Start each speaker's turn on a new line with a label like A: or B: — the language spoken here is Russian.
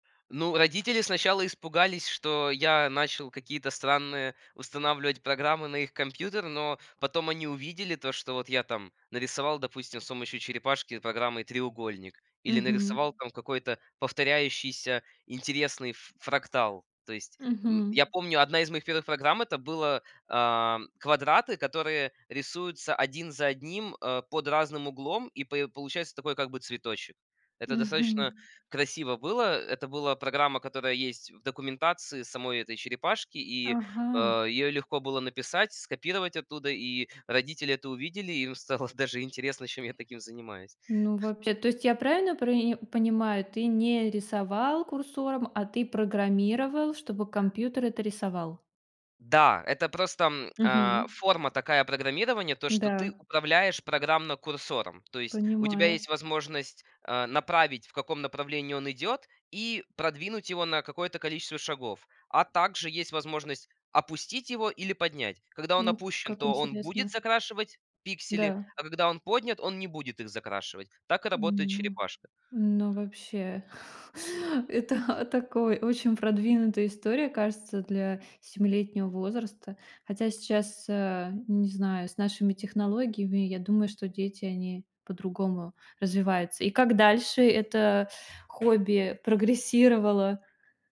A: Ну, родители сначала испугались, что я начал какие-то странные устанавливать программы на их компьютер. Но потом они увидели то, что вот я там нарисовал, допустим, с помощью черепашки программой треугольник или
B: Мгм.
A: нарисовал там какой-то повторяющийся интересный ф фрактал. То есть, м,
B: Мгм.
A: я помню, одна из моих первых программ- это было, ам, квадраты, которые рисуются один за одним, а, под разным углом, и п получается такой как бы цветочек. Это достаточно
B: Мгм.
A: красиво было. Это была программа, которая есть в документации самой этой черепашки, и, э,
B: Ага.
A: её легко было написать, скопировать оттуда. И родители это увидели, им стало даже интересно, чем я таким занимаюсь.
B: Ну, вообще, то есть я правильно прои понимаю, ты не рисовал курсором, а ты программировал, чтобы компьютер это рисовал?
A: Да, это просто, м, а,
B: Мгм.
A: форма такая программирования, то, что ты
B: Да.
A: управляешь программно курсором. То есть у тебя
B: Понимаю.
A: есть возможность, а, направить, в каком направлении он идёт, и продвинуть его на какое-то количество шагов. А также есть возможность опустить его или поднять. Когда он
B: Ну,
A: опущен,
B: как
A: то он будет
B: интересно.
A: закрашивать пиксели.
B: Да.
A: А когда он поднят, он не будет их закрашивать. Так и работает
B: М, ну.
A: черепашка.
B: Ну, вообще. Это, а, такой очень продвинутая история, кажется, для семилетнего возраста. Хотя сейчас, а, не знаю, с нашими технологиями, я думаю, что дети, они по-другому развиваются. И как дальше это хобби прогрессировало?